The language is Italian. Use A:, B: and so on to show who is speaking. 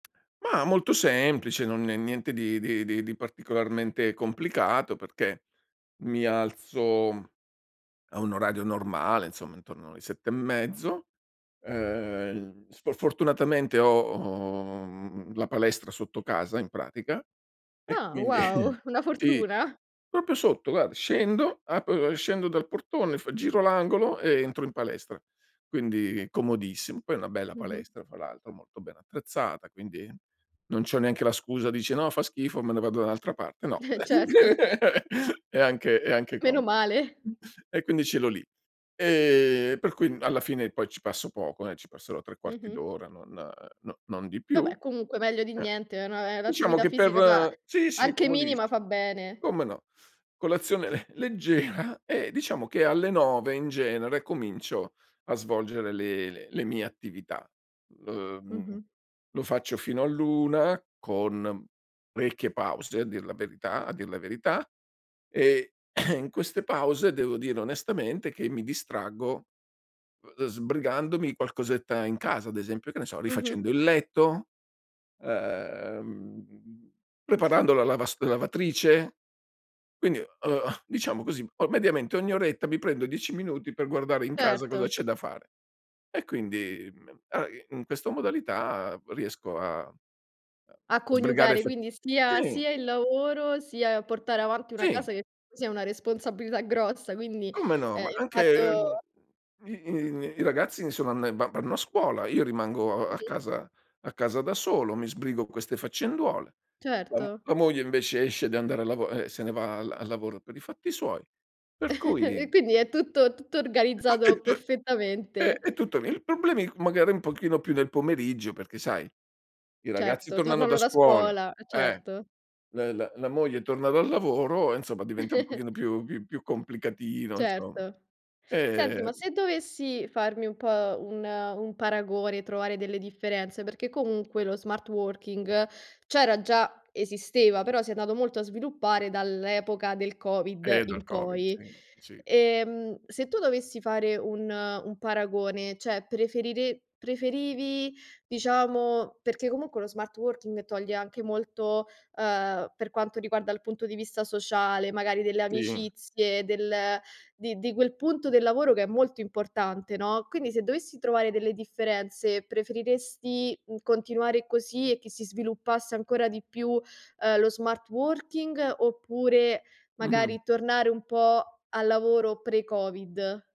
A: Mah, molto semplice, non è niente di di di di particolarmente complicato, perché mi alzo a un orario normale insomma intorno alle 7 e mezzo, uhm, sf fortunatamente ho ho, mhmm, la palestra sotto casa in pratica e
B: Ah
A: quindi
B: wow, una
A: sì,
B: fortuna.
A: proprio sotto guar scendo, apro e scendo dal portone, f giro l'angolo e entro in palestra, quindi comodissimo. Poi è una bella
B: Mh-mh.
A: palestra fra l'altro molto ben attrezzata, quindi non c'ho neanche la scusa, dici: "No fa schifo, me ne vado da un'altra parte." No,
B: Eh certo.
A: è anche è anche como
B: Meno male.
A: E quindi ce l'ho lì, ehm, per cui alla fine poi ci passo poco, eh, ci passerò 3 quarti
B: Mh-mh.
A: d'ora, non no non di più.
B: Vabbè comunque meglio di
A: Eh,
B: niente, è un'a è
A: diciamo
B: un'attività
A: che
B: fisica, ma
A: per sì, sì
B: anche
A: comodiss
B: minima fa bene.
A: come no, colazione le leggera e diciamo che alle 9 in genere comincio a svolgere le le le mie attività. L mhmm
B: Mh-mh.
A: lo faccio fino all'1, con parecchie pause a dir la verità a dir la verità e in queste pause devo dire onestamente che mi distraggo, uhm, sbrigandomi qualcosetta in casa ad esempio, che ne so, rifacendo
B: Mh-mh.
A: il letto, uhm, preparando la lavasto la lavatrice, quindi, uhm, diciamo così, o mediamente ogni oretta mi prendo 10 minuti per guardare in casa cosa
B: Certo.
A: c'è da fare e quindi, mhmm, a in questa modalità riesco a
B: A
A: a sbrigare
B: coniugare
A: fat
B: quindi sia
A: sì.
B: sia il lavoro sia portare avanti una
A: Sì.
B: casa che [unintelligible] sia è una responsabilità grossa, quindi,
A: Come no,
B: ehm,
A: ma
B: il
A: anche, uhm,
B: fatto
A: i i i ragazzi insomma n va vanno a scuola, io rimango a a
B: Mh-mh
A: casa a casa da solo, mi sbrigo queste faccenduole, la m
B: Certo.
A: la moglie invece esce de anda a lavo e se ne va al al lavoro per i fatti suoi. Per
B: E
A: cui
B: quindi è tutto tutto organizzato
A: [unintelligible] Eh
B: perfettamente.
A: e tutto [unintelligible] il problema è magari un pochino più nel pomeriggio perché sai, i ragazzi
B: Certo,
A: tornano da
B: tornano da
A: scuola,
B: scuola, eh
A: eh,
B: certo.
A: l la la moglie torna dal lavoro e insomma diventa un pochino più più più complicatino insomma,
B: Certo. Senti, ma
A: e
B: se dovessi farmi un po' un un paragone, trovare delle differenze, perché comunque lo smart working c'era già, esisteva, però si è andato molto a sviluppare dall'epoca del Covid
A: Eh dal
B: in
A: Covid,
B: poi.
A: sì sì.
B: Ehm, se tu dovessi fare un un paragone, cioè preferire preferivi diciamo perché comunque lo smart working toglie anche molto, uhm, per quanto riguarda il punto di vista sociale, magari delle
A: Sì.
B: amicizie, del di di quel punto del lavoro che è molto importante, no, quindi se dovessi trovare delle differenze preferiresti, mhmm, continuare così e che si sviluppasse ancora di più, uhm, lo smart working, oppure
A: Mh-mh.
B: magari tornare un po' al lavoro pre Covid?